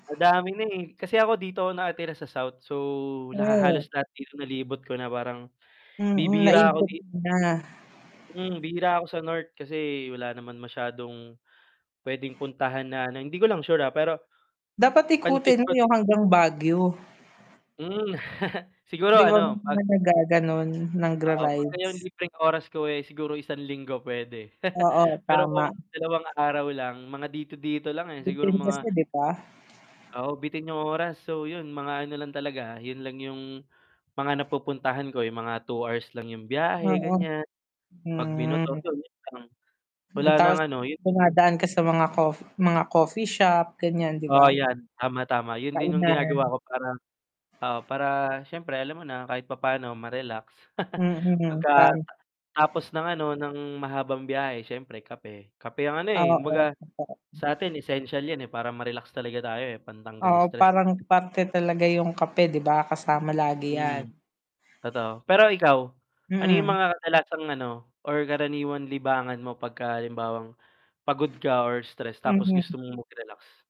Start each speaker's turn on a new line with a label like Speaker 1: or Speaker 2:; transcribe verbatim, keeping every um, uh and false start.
Speaker 1: Madami na, eh. Kasi ako dito ako nakatira sa South, so laha halos
Speaker 2: Hmm.
Speaker 1: lahat dito nalibot ko na. Parang
Speaker 2: Mm,
Speaker 1: bibihira ako
Speaker 2: naikot
Speaker 1: di
Speaker 2: mo na.
Speaker 1: Hmm, bihira ako sa North kasi wala naman masyadong puwedeng puntahan na ano, hindi ko lang sure, ah, pero
Speaker 2: Dapat
Speaker 1: pansit
Speaker 2: ikutin
Speaker 1: ko
Speaker 2: mo
Speaker 1: din
Speaker 2: yung hanggang Baguio.
Speaker 1: Hmm, siguro
Speaker 2: 'Di ba ma'am
Speaker 1: ano, 'pag
Speaker 2: may nagga-gano'n,
Speaker 1: Oo, pagka
Speaker 2: nagra-rides?
Speaker 1: yung libreng oras ko, eh, siguro isang linggo puwede.
Speaker 2: Oo,
Speaker 1: Pero
Speaker 2: tama.
Speaker 1: kung dalawang araw lang, mga dito-dito lang, eh, siguro
Speaker 2: Bitin kasi,
Speaker 1: mga
Speaker 2: 'di ba?
Speaker 1: oo, bitin yung oras. So 'yun, mga ano lang talaga, 'yun lang yung mga napupuntahan ko, yung mga two hours lang yung biyahe
Speaker 2: Oo,
Speaker 1: ganiyan. 'Pag minotor
Speaker 2: hmm.
Speaker 1: ko yo'n lang, wala
Speaker 2: Mm,
Speaker 1: nang
Speaker 2: tapos
Speaker 1: ano, yun.
Speaker 2: dumadaan ka sa mga coff mga coffee shop, ganiyan, 'di
Speaker 1: Oo,
Speaker 2: ba?
Speaker 1: 'yan, tama, tama. 'Yun din yung
Speaker 2: Kainan.
Speaker 1: ginagawa ko para oo, para siyempre alam mo na, kahit papa'no ma-relax,
Speaker 2: Mm, pare
Speaker 1: pagkata tapos ng ano, ng mahabang biyahe siyempre kape. Kape ang ano,
Speaker 2: Oo,
Speaker 1: eh, kumbaga
Speaker 2: ang sarap
Speaker 1: sa atin
Speaker 2: nu
Speaker 1: essential 'yan, eh, para ma-relax talaga tayo, eh, pantanggal
Speaker 2: Oo,
Speaker 1: stress.
Speaker 2: parang parte talaga yung kape, 'di ba? Kasama lagi 'yan.
Speaker 1: Mm, totoo. Pero ikaw, ano yung
Speaker 2: Mm.
Speaker 1: mga kadalasang ano, or karaniwang libangan mo pagkahalimbawang pagod ka or stress tapos gusto
Speaker 2: Mhm.
Speaker 1: mong mag-relax?